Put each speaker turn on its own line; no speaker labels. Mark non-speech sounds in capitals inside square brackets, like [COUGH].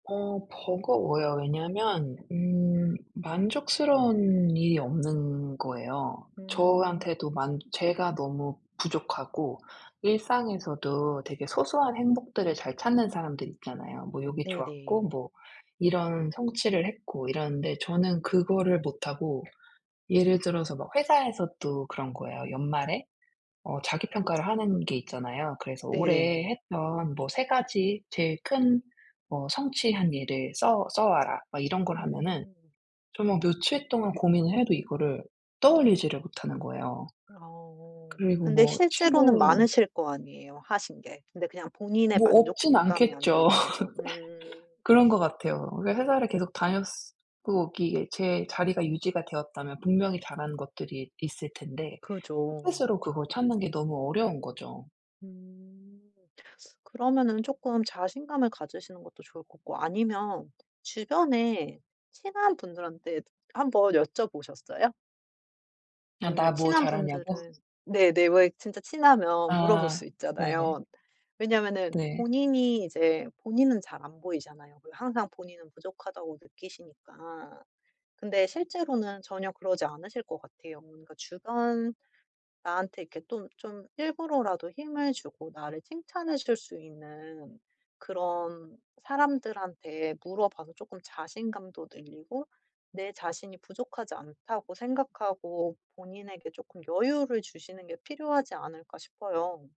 어 버거워요. 왜냐면 음 만족스러운 일이 없는 거예요.
음.
저한테도 만 제가 너무 부족하고 일상에서도 되게 소소한 행복들을 잘 찾는 사람들이 있잖아요. 뭐 요게 좋았고
네네.
뭐 이런 성취를 했고 이러는데 저는 그거를 못하고 예를 들어서 막 회사에서도 그런 거예요. 연말에 어 자기 평가를 하는 게 있잖아요. 그래서
네네.
올해 했던 뭐 3 가지 제일 큰 뭐 성취한 일을 써 써와라 막 이런 걸 하면은
음.
정말 며칠 동안 고민을 해도 이거를 떠올리지를 못하는 거예요.
어.
그리고
근데
뭐
실제로는
친구
많으실 거 아니에요, 하신 게. 근데 그냥 본인의
뭐 없진
만족감이 안
않겠죠.
되는 거죠. 음.
[LAUGHS] 그런 것
[SNIFFS]
같아요. 그러니까 회사를 계속 다녔으 고 이게 제 자리가 유지가 되었다면 분명히 잘하는 것들이 있을 텐데
그죠.
스스로 그걸 찾는 게 너무 어려운 거죠.
음. 그러면은 쪼끔 자신감을 가지시는 것도 좋을 거고. 아니면 주변에 친한 분들한테도 한번 여쭤보셨어요?
"야 나
아니면
뭐
친한
잘하냐."고?
분들은 네네. 왜 진짜 친하면 물어볼
아
수
네네.
있잖아요. 왜냐면은
네.
본인이 이제 본인은 잘 안 보이잖아요, 그 항상 본인은 부족하다고 느끼시니까. 근데 실제로는 전혀 그러지 않으실 것 같아요. 뭔가 주변 나한테 이렇게 또 좀 일부러라도 힘을 주고 나를 칭찬해 줄 수 있는 그런 사람들한테 물어봐서 쪼끔 자신감도 늘리고 내 자신이 부족하지 않다고 생각하고 본인에게 쪼끔 여유를 주시는 게 필요하지 않을까 싶어요.